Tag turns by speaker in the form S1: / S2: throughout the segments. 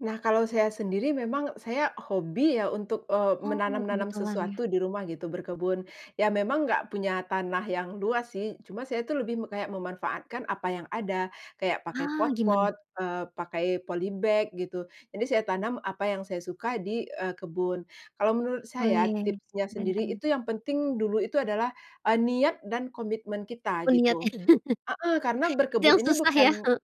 S1: Nah, kalau saya sendiri memang saya hobi ya untuk, eee,
S2: Oh,
S1: menanam-nanam
S2: kebetulan ya.
S1: sesuatu di rumah gitu, berkebun. Ya memang nggak punya tanah yang luas sih. Cuma saya tuh lebih me kayak memanfaatkan apa yang ada. Kayak pakai
S2: Ah, gimana?
S1: pot-pot, eee, pakai polybag gitu. Jadi saya tanam apa yang saya suka di, eee, kebun. Kalau menurut saya,
S2: Weh,
S1: tipsnya
S2: keren
S1: sendiri
S2: keren.
S1: itu yang penting dulu itu adalah, eee, niat dan komitmen kita
S2: Oh niat ya.
S1: gitu. Heeh. Karena
S2: Ada
S1: berkebun
S2: yang
S1: ini
S2: susah ya.
S1: bukan
S2: Heeh.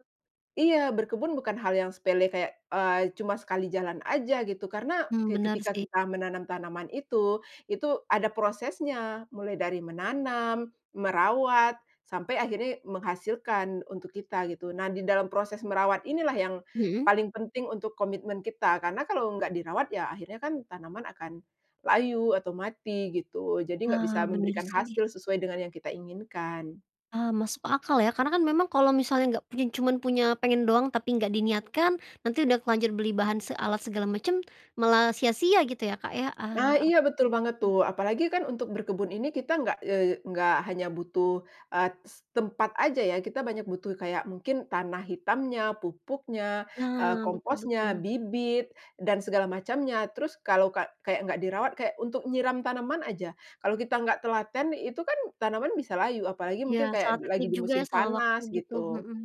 S1: iya, berkebun bukan hal yang sepele kayak, eee, cuma sekali jalan aja gitu. Karena
S2: Mmm,
S1: ke
S2: bener
S1: ketika
S2: sih.
S1: kita menanam tanaman itu, itu ada prosesnya. Mulai dari menanam, merawat, sampai akhirnya menghasilkan untuk kita gitu. Nah, di dalam proses merawat inilah yang
S2: Mhm.
S1: paling penting untuk komitmen kita. Karena kalau nggak dirawat, ya akhirnya kan tanaman akan layu atau mati gitu. Jadi nggak
S2: Ah,
S1: bisa
S2: bener
S1: memberikan
S2: sih.
S1: hasil sesuai dengan yang kita inginkan.
S2: Ah masuk akal ya. Karena kan memang kalau misalnya nggak punya cuman punya pengen doang tapi nggak diniatkan, nanti udah terlanjur beli bahan se alat segala macem, malah sia-sia gitu ya, Kak, ya.
S1: Ah,
S2: Ah,
S1: iya, betul banget
S2: oke.
S1: tuh. Apalagi kan untuk berkebun ini kita nggak, eee, nggak hanya butuh, eee, s tempat aja ya. Kita banyak butuh kayak mungkin tanah hitamnya, pupuknya, eee,
S2: Nah. Betul
S1: komposnya,
S2: betul.
S1: bibit, dan segala macamnya. Terus kalau ka kayak nggak dirawat, kayak untuk nyiram tanaman aja, kalau kita nggak telaten, itu kan tanaman bisa layu. Apalagi
S2: Iya,
S1: mungkin
S2: salah
S1: kayak d lagi
S2: teknik
S1: di
S2: juga ya,
S1: musim
S2: salah waktu
S1: panas
S2: gitu.
S1: gitu.
S2: Mhm.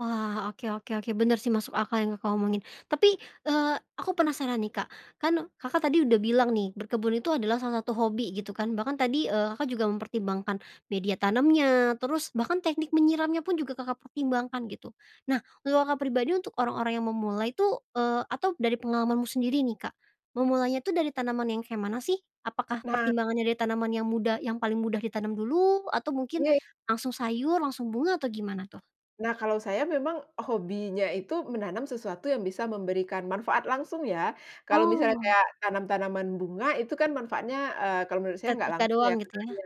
S2: Wah. Oke oke oke. Bener sih, masuk akal yang Kakak omongin. Tapi, eee, aku penasaran nih, Kak. Kan Kakak tadi udah bilang nih, berkebun itu adalah salah satu hobi gitu kan. Bahkan tadi, eee, Kakak juga mempertimbangkan media tanamnya, terus bahkan teknik menyiramnya pun juga Kakak pertimbangkan gitu. Nah, kalau Kakak pribadi, untuk orang-orang yang memulai tuh eee, atau dari pengalamanmu sendiri nih, Kak, memulainya itu dari tanaman yang kayak mana sih? Apakah
S1: Nah.
S2: pertimbangannya dari tanaman yang mudah yang paling mudah ditanam dulu? Atau mungkin
S1: Iya.
S2: langsung sayur, langsung bunga, atau gimana tuh?
S1: Nah kalau saya memang hobinya itu menanam sesuatu yang bisa memberikan manfaat langsung ya. Kalau misalnya
S2: Oh.
S1: kayak tanam-tanaman bunga, itu kan manfaatnya, eee, kalau menurut saya enggak
S2: Estetika
S1: langsung
S2: doang,
S1: ya,
S2: gitu ya.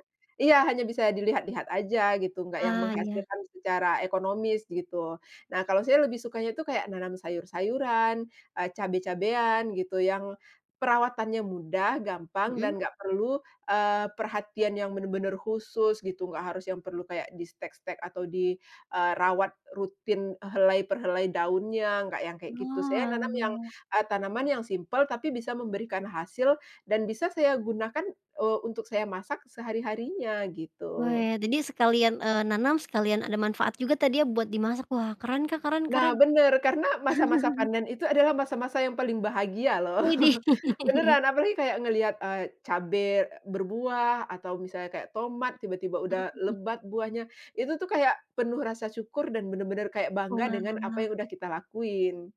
S1: Iya, hanya bisa dilihat-lihat aja gitu, enggak yang
S2: Ah, iya.
S1: menghasilkan secara ekonomis, gitu. Nah kalau saya lebih sukanya itu kayak menanam sayur-sayuran, eee, cabe-cabean, gitu yang perawatannya mudah, gampang, dan
S2: Mhm.
S1: enggak perlu, eee, perhatian yang benar-benar khusus gitu, enggak harus yang perlu kayak di-stek-stek atau di, eee, rawat rutin helai per helai daunnya, enggak yang kayak gitu. Saya nanam yang,
S2: Oalah.
S1: eee, tanaman yang simpel tapi bisa memberikan hasil, dan bisa saya gunakan, eee, untuk saya masak sehari-harinya, gitu.
S2: Weh. Jadi sekalian, eee, nanam sekalian ada manfaat juga tadi ya buat dimasak. Wah keren, Kak, keren
S1: Nah,
S2: keren.
S1: bener. Karena masa-masa panen itu adalah masa-masa yang paling bahagia loh.
S2: Widih!
S1: Beneran. Apalagi kayak ngelihat, eee, cabe e berbuah atau misalnya kayak tomat, tiba-tiba
S2: Mhm.
S1: udah lebat buahnya. Itu tuh kayak penuh rasa syukur dan benar-benar kayak bangga dengan apa
S2: Oalah.
S1: yang sudah kita lakuin.